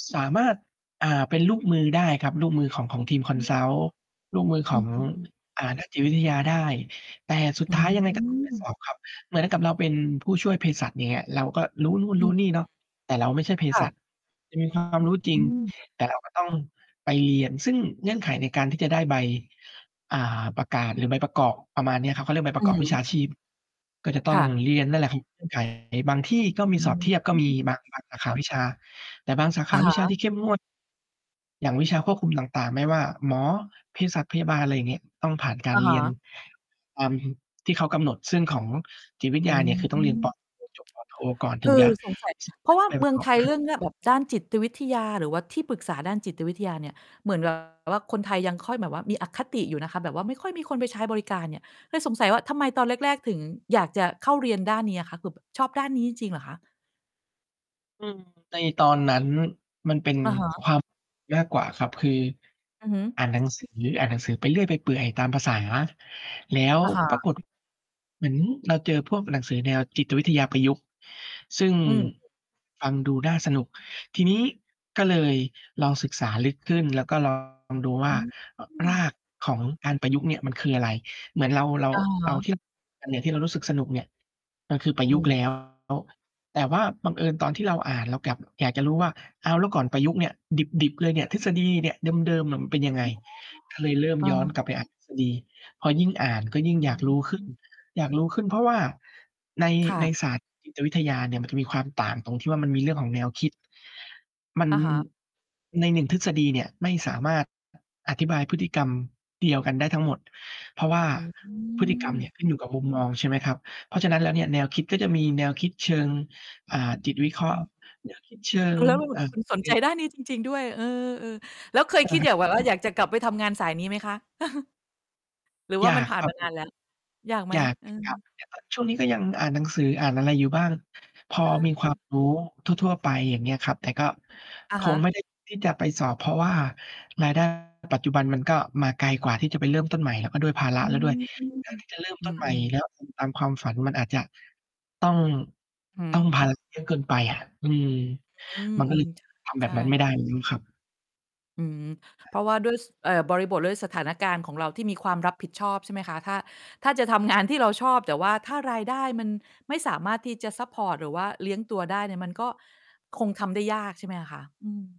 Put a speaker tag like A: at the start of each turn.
A: ส สามารถ อ่า เป็นลูกมือได้ครับ ลูกมือของ ของทีม
B: อืม
A: Consult ลูกมือข
B: อื
A: อง
B: อ ๆ ๆ
A: อ่า นักจิตวิทยาได้ แต่สุด
B: อื
A: ท้ายยังไง ก็ต้องไปส
B: ม
A: อบ ครับ เหมือนกับเราเป็น ผู้ช่วยเภสัชเนี่ย เราก็รู้นู่น
B: อื
A: รู
B: ม
A: ้นี่เนาะ แต่เราไม่ใช่
B: ๆ
A: เภ
B: ๆ ค่
A: สั
B: ะ
A: ช ถึงมี ความรู้ จร
B: อ
A: ิง
B: ืม
A: แต่เราก็ต้อง ไปเรียน ซึ่งเงื่อนไขในการที่จะได้ใบ อ่า ประกาศหรือใบประกอบ ประมาณเนี้ยครับ เขาเรียกใบ
B: อ
A: ปร
B: ื
A: ะกอ
B: อ
A: บ
B: ฮ
A: วิ
B: ึ
A: ชาชีพ ก็จะต
B: ค
A: ้อง
B: ่ะ
A: เรียนนั่นแหละครับ เงื่อนไข บางที่ก็ม
B: อ
A: ี
B: ื
A: สอบเทียบ ก็มี
B: ม
A: บาง บาง สาขา วิชา แต่บางสาข
B: อะ
A: าว
B: ฮ
A: ิชา
B: ะ
A: ที่เข้มงวด อย่างวิชาควบคุม ต่าง ๆ ไม่ว่าหมอ เภสัช พยาบาล ไรอย่างงี้ ต้องผ่านกา
B: อ
A: ร
B: ะ
A: เ
B: ฮ
A: รียน
B: ะ
A: ตาม ที่เขากำหนด ซึ่งของ จิตวิทย
B: อื
A: าเ
B: ม
A: นี่ย คือต้องเรียน ตอนเรียนจบ ป.โท ก่อน
B: ค
A: ถึ
B: ื
A: งจ
B: อ
A: ะ
B: สงสัย
A: สา
B: เพ
A: ม
B: รา
A: าร
B: ะ
A: ถ
B: ว
A: ได
B: ่า
A: ้ไป
B: เ
A: ป
B: มื
A: ร
B: อ
A: ะ
B: ง
A: ก
B: ไ
A: อ
B: ท
A: บ
B: ย
A: คั
B: เร
A: ด
B: ื่องเนี้ย แบบด้านจิตวิทยา หรือว่าที่ปรึกษาด้านจิตวิทยาเนี่ย เหมือน แบบ ว่าคนไทยยังค่อยแบบว่ามี อคติอยู่นะคะ แบบว่าไม่ค่อยมีคนไป ใช้บริการเนี่ย เคยสงสัยว่า ทำไมตอนแรก ๆ ถึงอยากจะเข้าเรียนด้านนี้อะคะ คือแบบชอบด้านนี้จริง ๆ เหรอคะ?
A: อืม ในตอนนั้น มันเป็น
B: อือฮึ
A: ความ มากกว่าครับ คือ
B: อือฮึ
A: อ่านหนัง สือ อ่านหนังสือไปเรื่อยไปเปื่อยตามภาษา แล้ว
B: อะฮ
A: ปรา
B: ะ
A: กฏ เหมือนเราเจอพวกหนังสือแนวจิตวิทยาประยุกต์ ซึ่ง
B: อืม
A: ฟังดูน่าสนุก ทีนี้ก็เลยลองศึกษาลึกขึ้น แล้วก็ ลอง ดูว
B: อ
A: ่
B: ื
A: า อ ร
B: ม
A: ากของการประยุกต์เนี่ยมันคืออะไร? เหมือนเรา เรา
B: อือฮ
A: เอา
B: ึ
A: เทียบตำแหน่งที่เรารู้สึกสนุกเนี่ย ก็คือปร
B: อ
A: ะ
B: ื
A: ยุกต์
B: ม
A: แล้ว แต่ว่าบังเอิญตอนที่เราอ่าน เรากลับอยากจะรู้ว่า อ้าว แล้วก่อนประยุกต์เนี่ย ดิบ ๆ เลยเนี่ย ทฤษฎีเนี่ย เดิม ๆ อะมันเป็นยัง
B: อ
A: ไ
B: ๋
A: ง?
B: อ
A: ก็เลยเริ่ม
B: เอ
A: ย้อนกลับ
B: อ
A: ไปอ่านทฤษฎี พอยิ่งอ่านก็ยิ่
B: อ
A: ง
B: ื
A: อยากรู้ ขึ้น
B: ม
A: อยากรู้ขึ้น เพราะว่าใน
B: ค่
A: ใน
B: ะ
A: ศาสตร์ จิต วิทยาเนี่ย มัน จะมีความต่างตรงที่ว่า มันมีเรื่องของแนวคิด มัน
B: อะฮะ
A: ใน 1 ทฤษฎีเนี่ยไม่สามารถ อธิบายพฤติกรรมเดียวกันได้ทั้งหมด เพราะว่า
B: อื
A: พฤติกรรม
B: ม
A: เนี่ยขึ้นอยู่กับมุมมองใช่ไหมครับ เพราะฉะนั้นแล้วเนี่ย แนวคิดก็จะมีแนวคิดเชิง อ่า จิตวิเครา
B: อ
A: ะห์
B: ืม
A: แนวคิด เชิ
B: แล
A: ง
B: ้ว แล้ว
A: เอ่อ
B: คุณสนใจด้านนี้จริง ๆ ด้วย เออ ๆ แล้วเคยคิดอยาก แบบว่าอยากจะกลับไปทำงาน สายนี้ไหมคะ? หรือว
A: อ
B: ่
A: ย
B: า
A: า
B: มัน
A: ก
B: ผ่
A: ค
B: าน
A: รั
B: ม
A: บ
B: า
A: ผ
B: นา
A: ม
B: นแล้ว อยากไหม?
A: อยาก
B: เอ
A: จ
B: อ
A: ะกลับเหมือนกัน แต่ ช่วงนี้ก็ยังอ่านหนังสืออ่านอะไรอยู่บ้าง พอ
B: เ
A: มี ควา
B: ออ
A: ม รู้ทั่ว ๆ ไป อย่างเงี้ยครับ แต่ก็
B: อะ
A: ค
B: ฮ
A: ง
B: ะ
A: ไม่ ได้ ที่จะไปสอบ เพราะว่า ราย ได้ ปัจจุบันมันก็มาไกลกว่าที่จะไปเริ่มต้นใหม่ แล้วก็ด้วยภาร
B: อ
A: ะ
B: ื
A: แล้วด้วย
B: ม
A: แทนที่จะเริ่ม
B: อ
A: ต
B: ื
A: ้นใหม่
B: ม ๆ
A: แล้ว ทำตาม ความฝัน มันอาจจะ ต้อง
B: อือ
A: ต
B: ฮ
A: ้อง
B: ึ
A: ภาระ เยอะเกินไปอะ อืม
B: อือ
A: มัน
B: อ
A: ก็
B: ื
A: เลย
B: ม ช
A: ทำแ
B: ใ
A: บ
B: ช
A: บนั้น
B: ่
A: ไม่ได้ อย่างงี้ ครับ
B: อืม เพราะว่าด้วย ส เอ่อ บริบท ด้วยสถานการณ์ของเราที่มีความรับผิดชอบใช่ไหมคะ ถ้า ถ้าจะทำงานที่เราชอบ แต่ว่าถ้ารายได้มันไม่สามารถที่จะซัปพอร์ต หรือว่าเลี้ยงตัวได้เนี่ย มันก็คงทำได้ ยากใช่ไหมคะ อืม